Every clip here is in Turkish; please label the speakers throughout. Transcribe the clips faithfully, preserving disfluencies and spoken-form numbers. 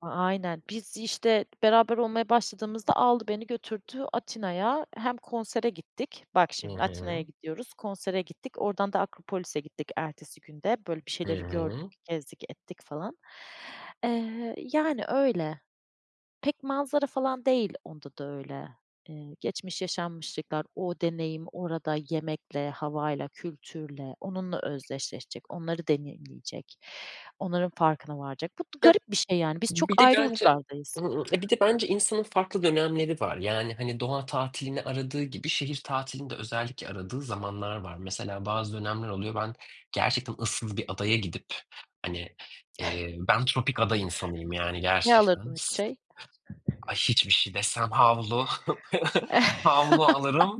Speaker 1: A aynen. Biz, işte, beraber olmaya başladığımızda aldı beni, götürdü Atina'ya. Hem konsere gittik. Bak,
Speaker 2: Hı
Speaker 1: şimdi Atina'ya
Speaker 2: hı.
Speaker 1: gidiyoruz, konsere gittik. Oradan da Akropolis'e gittik ertesi gün de. Böyle, bir
Speaker 2: Hı
Speaker 1: şeyleri gördük,
Speaker 2: hı.
Speaker 1: gezdik ettik, falan. Eee, yani, öyle. Pek manzara falan değil, onda da öyle. Eee, geçmiş yaşanmışlıklar, o deneyim, orada yemekle, havayla, kültürle onunla özdeşleşecek, onları deneyimleyecek, onların farkına varacak. Bu
Speaker 2: Ya,
Speaker 1: garip bir şey, yani. Biz çok
Speaker 2: bir de
Speaker 1: ayrı
Speaker 2: bence
Speaker 1: uçlardayız.
Speaker 2: Hıı, ya, bir de bence insanın farklı dönemleri var. Yani, hani, doğa tatilini aradığı gibi şehir tatilini de özellikle aradığı zamanlar var. Mesela, bazı dönemler oluyor ben gerçekten ıssız bir adaya gidip, hani, eee, ben tropik ada insanıyım, yani,
Speaker 1: Ne
Speaker 2: gerçekten
Speaker 1: alırdın üç
Speaker 2: s
Speaker 1: şey?
Speaker 2: Ay, hiçbir şey desem havlu, havlu alırım,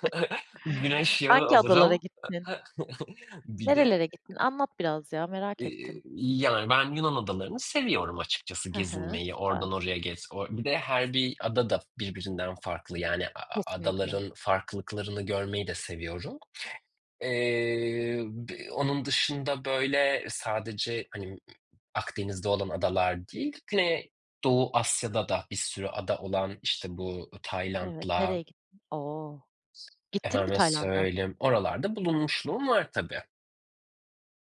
Speaker 2: güneş yağı
Speaker 1: Hangi adalara
Speaker 2: alırım.
Speaker 1: gittin?
Speaker 2: Bir de
Speaker 1: Nerelere gittin? Anlat biraz, ya, merak
Speaker 2: Eee,
Speaker 1: ettim.
Speaker 2: yani, ben Yunan adalarını seviyorum açıkçası
Speaker 1: Hı hı,
Speaker 2: gezinmeyi,
Speaker 1: süper.
Speaker 2: oradan oraya gez. O bir de her bir ada da birbirinden farklı. Yani, a a
Speaker 1: Kesinlikle.
Speaker 2: adaların farklılıklarını görmeyi de seviyorum. Eee, b onun dışında, böyle, sadece hani, Akdeniz'de olan adalar değil, Güney Doğu Asya'da da bir sürü ada olan, işte, bu
Speaker 1: Evet,
Speaker 2: Tayland'la
Speaker 1: nereye gittin? O! Gittin mi
Speaker 2: Efendime
Speaker 1: Tayland'a?
Speaker 2: söyleyeyim, oralarda bulunmuşluğum var, tabii.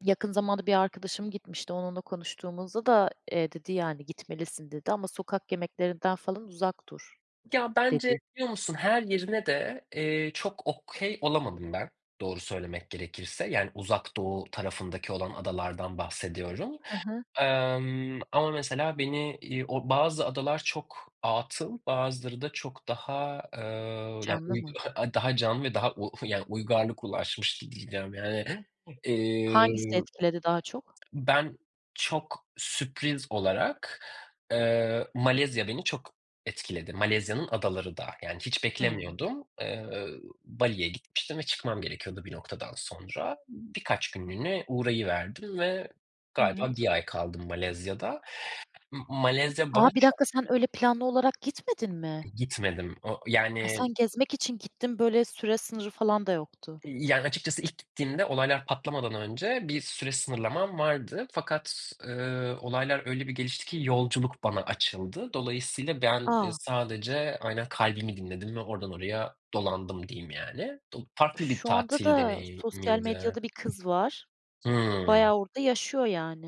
Speaker 1: Yakın zamanda bir arkadaşım gitmişti. Onunla konuştuğumuzda da, eee, dedi, yani, "Gitmelisin," dedi. Ama "sokak yemeklerinden falan uzak dur,"
Speaker 2: Ya, bence
Speaker 1: dedi.
Speaker 2: biliyor musun, her yerine de, eee, çok okay olamadım ben, doğru söylemek gerekirse. Yani, Uzak Doğu tarafındaki olan adalardan bahsediyorum.
Speaker 1: Hı hı.
Speaker 2: Emm, ama, mesela, beni, iii, o bazı adalar çok atıl, bazıları da çok daha, eee, yani,
Speaker 1: Canlı
Speaker 2: uy
Speaker 1: mı?
Speaker 2: daha canlı ve daha u yani, uygarlık ulaşmış di diyeceğim yani.
Speaker 1: Hangisini
Speaker 2: Emm
Speaker 1: etkiledi daha çok?
Speaker 2: Ben çok sürpriz olarak, eee, Malezya beni çok etkiledi. Malezya'nın adaları da yani hiç
Speaker 1: Hımm.
Speaker 2: beklemiyordum. Eee, Bali'ye gitmiştim ve çıkmam gerekiyordu bir noktadan sonra. Birkaç günlüğüne uğrayıverdim ve galiba
Speaker 1: Evet.
Speaker 2: bir ay kaldım Malezya'da. Imm, Malezya bana
Speaker 1: A, bir
Speaker 2: çok
Speaker 1: dakika, sen öyle planlı olarak gitmedin mi?
Speaker 2: Gitmedim, o
Speaker 1: Ha,
Speaker 2: yani
Speaker 1: sen gezmek için gittin, böyle, süre sınırı falan da yoktu.
Speaker 2: Yani, açıkçası ilk gittiğimde olaylar patlamadan önce bir süre sınırlamam vardı fakat, ııı, olaylar öyle bir gelişti ki, yolculuk bana açıldı. Dolayısıyla ben, ııı,
Speaker 1: A!
Speaker 2: sadece aynen kalbimi dinledim ve oradan oraya dolandım diyeyim, yani. Do farklı bir
Speaker 1: Şu anda
Speaker 2: tatil
Speaker 1: da sosyal
Speaker 2: deneyimiydi.
Speaker 1: medyada bir kız var.
Speaker 2: Hımm.
Speaker 1: Bayağı orada yaşıyor, yani.